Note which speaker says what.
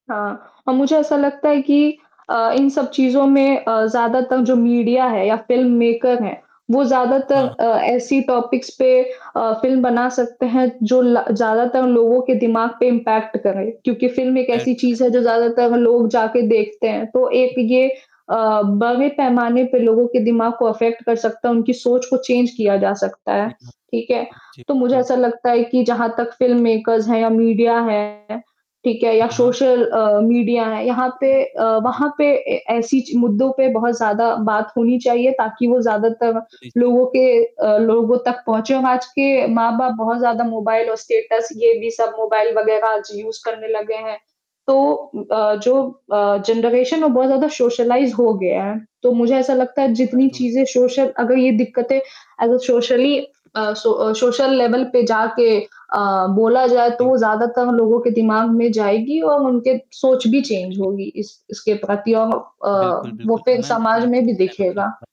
Speaker 1: हाँ अ, मुझे ऐसा लगता है कि अ, इन सब चीज़ों में अ, ज़्यादातर जो मीडिया है या फ़िल्म मेकर है, वो ज़्यादातर
Speaker 2: हाँ, हाँ।
Speaker 1: अ, ऐसी टॉपिक्स पे अ, फ़िल्म बना सकते हैं जो ला ज़्यादातर लोगों के दिमाग़ पे इम्पैक्ट करे, क्योंकि फ़िल्म एक ऐसी
Speaker 2: [unintelligible]
Speaker 1: चीज़ है जो ज़्यादातर लोग जाके देखते हैं। तो एक ये अ, बड़े पैमाने पे लोगों के दिमाग़ को अफेक्ट कर सकता है, उनकी सोच को
Speaker 2: सही
Speaker 1: चेंज किया
Speaker 2: कहा।
Speaker 1: जा सकता है।
Speaker 2: जी, हाँ।
Speaker 1: ठीक है?
Speaker 2: जी,
Speaker 1: तो मुझे
Speaker 2: बिल्कुल।
Speaker 1: ऐसा लगता है कि जहाँ तक फ़िल्म मेकर्स है या मीडिया है, ठीक है, या
Speaker 2: हाँ, हाँ।
Speaker 1: सोशल अ, मीडिया हैं
Speaker 2: जा
Speaker 1: यहाँ पे
Speaker 2: रही हैं।
Speaker 1: अ,
Speaker 2: हाँ, हाँ।
Speaker 1: वहाँ पे ए, ऐसी ची मुद्दों पे बहुत ज़्यादा बात होनी चाहिए ताकि वो ज़्यादातर
Speaker 2: ली जाए।
Speaker 1: लोगों के अ ,लोगों तक पहुँचे। [unintelligible] आज के माँ-बाप बहुत ज़्यादा मोबाइल और स्टेटस ये भी सब मोबाइल वगैरह आज यूज़ करने लगे हैं। तो उम अ, जो अ, जनरेशन वो बहुत ज़्यादा सोशलाइज़ हो गया है, तो मुझे ऐसा लगता है जितनी
Speaker 2: आए डो
Speaker 1: चीज़ें सोशल अगर ये दिक्कतें अगर सोशली आ सो सोशल लेवल पे जाके अ, बोला जाए तो
Speaker 2: जी।
Speaker 1: वो ज़्यादातर लोगों के दिमाग़ में जाएगी और उनके सोच भी चेंज
Speaker 2: जाएगी।
Speaker 1: होगी इस इसके प्रति और अ,
Speaker 2: बिल्कुल,
Speaker 1: वो
Speaker 2: बिल्कुल अ,
Speaker 1: फिर
Speaker 2: मैम
Speaker 1: समाज
Speaker 2: उम,
Speaker 1: में भी दिखेगा।
Speaker 2: [unintelligible]